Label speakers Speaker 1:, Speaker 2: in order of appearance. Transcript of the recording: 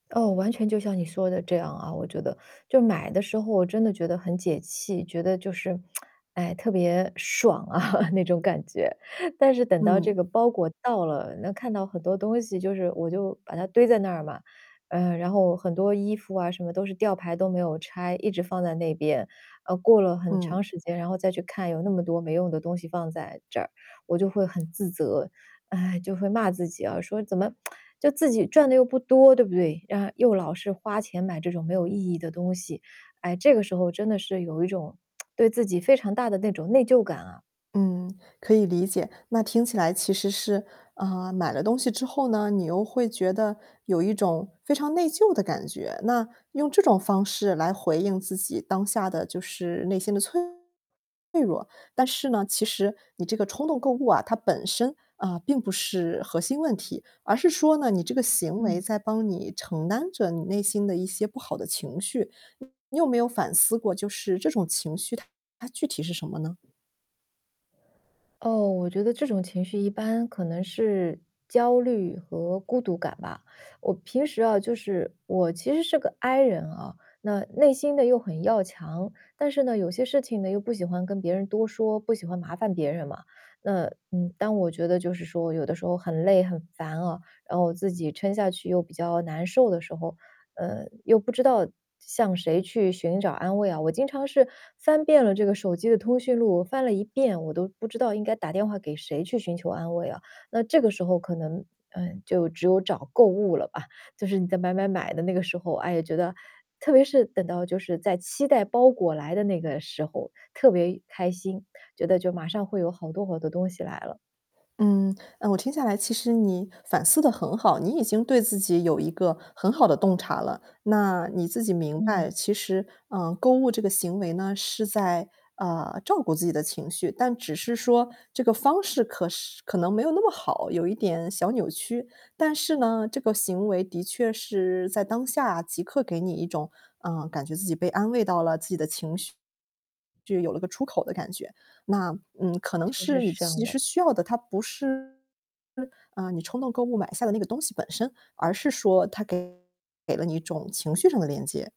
Speaker 1: 哦，完全就像你说的这样啊，我觉得。就买的时候我真的觉得很解气，觉得就是，哎，特别爽啊，那种感觉。但是等到这
Speaker 2: 嗯。
Speaker 1: 个包裹到了，那看到很多东西，就是我就把它堆在那儿嘛，嗯，然后很多衣服啊，什么都是吊牌都没有拆，一直放在那边。呃，过了很
Speaker 2: 嗯。
Speaker 1: 长时间，然后再去看，有那么多没用的东西放在这儿，我就会很自责，唉，就会骂自己啊，说：“怎么，就自己赚的又不多，对不对？嗯，然后又老是花钱买这种没有意义的东西。”哎，这个时候真的是有一种，对自己非常大的那种内疚感啊。
Speaker 2: 嗯，可以理解。那听起来其实是，呃，买了东西之后呢，你又会觉得有一种非常内疚的感觉。那用这种方式来回应自己当下的，就是内心的脆弱。但是呢，其实你这个冲动购物啊，它本身，嗯，并不是核心问题。而是说呢，你这个行
Speaker 1: 嗯。
Speaker 2: 为在帮你承担着你内心的一些不好的情绪。你有没有反思过就是这种情绪它具体是什么呢？
Speaker 1: 哦，我觉得这种情绪一般可能是焦虑和孤独感吧。我平时啊，就是我其实是个 I 人啊，那内心的又很要强，但是呢，有些事情呢又不喜欢跟别人多说，不喜欢麻烦别人嘛。那，嗯，当我觉得就是说有的时候很累、很烦啊，然后自己撑下去又比较难受的时候，呃，又不知道向谁去寻找安慰啊。我经常是翻遍了这个手机的通讯录，翻了一遍，我都不知道应该打电话给谁去寻求安慰了，那这个时候可能，嗯，就只有找购物了吧。就是你在买买买的那个时候，哎呀，觉得特别是等到就是在期待包裹来的那个时候，特别开心，觉得就马上会有好多好多东西来了。
Speaker 2: 嗯，嗯，我听下来其实你反思得很好，你已经对自己有一个很好的洞察了。那你自己明白，
Speaker 1: 嗯。
Speaker 2: 其实，嗯，购物这个行为呢，是在，呃，照顾自己的情绪，但只是说这个方式，可是可能没有那么好，有一点小扭曲。但是呢，这个行为的确是在当下即刻给你一种，嗯，感觉自己被安慰到了，自己的情绪就有了个出口的感觉。那，嗯，可能
Speaker 1: 确实
Speaker 2: 是你
Speaker 1: 是这
Speaker 2: 其
Speaker 1: 样的。
Speaker 2: 实需要的，它不是，嗯，你冲动购物买下的那个东西本身，而是说它给了你一种情绪上的连接。